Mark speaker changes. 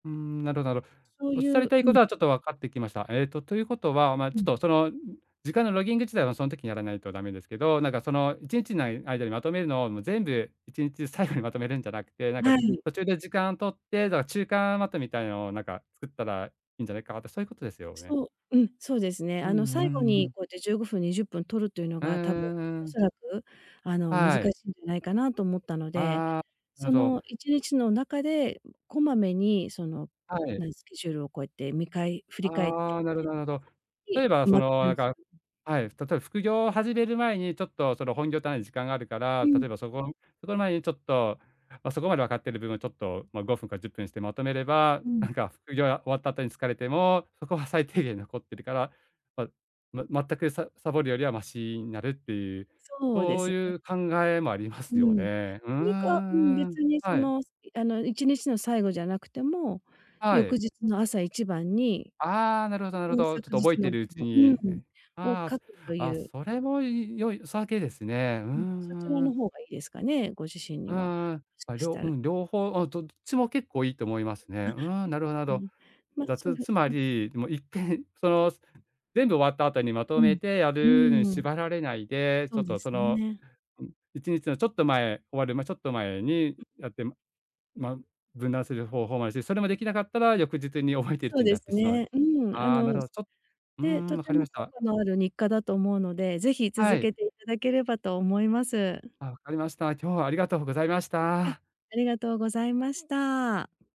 Speaker 1: うーん、なろなろ。
Speaker 2: そう
Speaker 1: 仰
Speaker 2: い
Speaker 1: り
Speaker 2: う
Speaker 1: たい
Speaker 2: う
Speaker 1: こ
Speaker 2: ん。
Speaker 1: とはちょっと分かってきました。えっと、ということはまあ、
Speaker 2: う
Speaker 1: ちょっ
Speaker 2: ん。
Speaker 1: とその、時間のロギング自体は、そん時にやらないとダメですけど、なんかその一日内、間にまとめるのを、もう全部一日最後にまとめるんじゃなくて、なんか
Speaker 2: はい。
Speaker 1: 途中で時間を取って、だから中間まとみたいなのを、なんか作ったらいいんじゃないか、あと、そういうことですよね？
Speaker 2: そう、うん、そうですね。
Speaker 1: うん
Speaker 2: あ
Speaker 1: う
Speaker 2: の、最後
Speaker 1: んう
Speaker 2: に
Speaker 1: ん。
Speaker 2: こうやって15分、20分取るというの
Speaker 1: うん
Speaker 2: が、多分
Speaker 1: うん
Speaker 2: お
Speaker 1: うん。
Speaker 2: そらく、あの、難し
Speaker 1: はい。
Speaker 2: いんじゃないかなと思ったので、
Speaker 1: ああ。な
Speaker 2: そ
Speaker 1: ど。
Speaker 2: の一日の中で、こまめにその、
Speaker 1: はい。
Speaker 2: 何スケジュールをこうやって見返振り返って
Speaker 1: ああ、な
Speaker 2: っ
Speaker 1: るほどなるほど。
Speaker 2: て、
Speaker 1: 例えば
Speaker 2: てん、
Speaker 1: そ
Speaker 2: まて
Speaker 1: の
Speaker 2: を
Speaker 1: なん
Speaker 2: す
Speaker 1: か
Speaker 2: る。
Speaker 1: はい、例えば副業を始める前に、ちょっとその本業単位で時間があるから、
Speaker 2: うん。
Speaker 1: 例えばそこのそこの前に、ちょっと、ま、そこまで分かってる部分をちょっと、ま、5分か10分してまとめれば、
Speaker 2: うん。
Speaker 1: なんか副業や終わった後に疲れても、そこは最低限に残ってるから、わま全くさサボるよりはマシになるっていう、
Speaker 2: そうで
Speaker 1: そう
Speaker 2: す
Speaker 1: い
Speaker 2: ね。
Speaker 1: う考えもありま
Speaker 2: う
Speaker 1: すよ
Speaker 2: ん。う
Speaker 1: ね。うー
Speaker 2: りか、うん、
Speaker 1: ん、う
Speaker 2: 別
Speaker 1: ん。
Speaker 2: にそ
Speaker 1: はい。
Speaker 2: の、あの、一日の最後じゃなくても、
Speaker 1: は
Speaker 2: 翌
Speaker 1: い。
Speaker 2: 日の朝一番に、
Speaker 1: ああ、なるほどなるほ
Speaker 2: ほん
Speaker 1: ど。
Speaker 2: 昨
Speaker 1: ちょっと覚
Speaker 2: 日
Speaker 1: えて
Speaker 2: のぶ
Speaker 1: るうち
Speaker 2: をうんう
Speaker 1: に
Speaker 2: ん、
Speaker 1: ね。
Speaker 2: を
Speaker 1: ああ。
Speaker 2: 書
Speaker 1: す
Speaker 2: くとい
Speaker 1: あ、
Speaker 2: う
Speaker 1: それもいい良いさげですね。う
Speaker 2: うん。そちら
Speaker 1: ん、うー
Speaker 2: の
Speaker 1: ん。
Speaker 2: 方がいいですかね？ご自身
Speaker 1: う
Speaker 2: には、
Speaker 1: んうん。
Speaker 2: しか
Speaker 1: あ、り
Speaker 2: し
Speaker 1: ょ
Speaker 2: た
Speaker 1: う
Speaker 2: ら。
Speaker 1: ん、両方をどっちも結構いいと思いますね。
Speaker 2: あ、
Speaker 1: うーん、なるほどなる
Speaker 2: う、う
Speaker 1: ほど。
Speaker 2: ん。ま、
Speaker 1: だ
Speaker 2: そう
Speaker 1: つ
Speaker 2: で
Speaker 1: つま
Speaker 2: うん。
Speaker 1: りもう一回その、す全部終わった後に、まと
Speaker 2: う
Speaker 1: め
Speaker 2: ん、
Speaker 1: てや
Speaker 2: うー
Speaker 1: るのに
Speaker 2: ん。
Speaker 1: 縛られないで、ち
Speaker 2: そ
Speaker 1: ょ
Speaker 2: う
Speaker 1: っ
Speaker 2: で
Speaker 1: と
Speaker 2: す
Speaker 1: その、
Speaker 2: ね。
Speaker 1: 一日のちょっと前、終わる、ま、ちょっと前に
Speaker 2: うん。
Speaker 1: やって、まま、分断する方法もあるし、それもできなかったら、翌日に覚えているう
Speaker 2: そう
Speaker 1: ちに
Speaker 2: で
Speaker 1: やっ
Speaker 2: す
Speaker 1: てしまう。
Speaker 2: ね。うん。あ
Speaker 1: ああ、な
Speaker 2: の、
Speaker 1: るほ
Speaker 2: す
Speaker 1: ちょっうー
Speaker 2: で、
Speaker 1: ん、
Speaker 2: と
Speaker 1: 分か
Speaker 2: て
Speaker 1: りま
Speaker 2: も
Speaker 1: し
Speaker 2: 効
Speaker 1: た。
Speaker 2: 果のある日課だと思うので、是非
Speaker 1: は
Speaker 2: 続
Speaker 1: い。
Speaker 2: けて頂ければと思います。
Speaker 1: あ、分かりました。今日はありがとうございまし
Speaker 2: あ、
Speaker 1: た。
Speaker 2: ありがとうございました。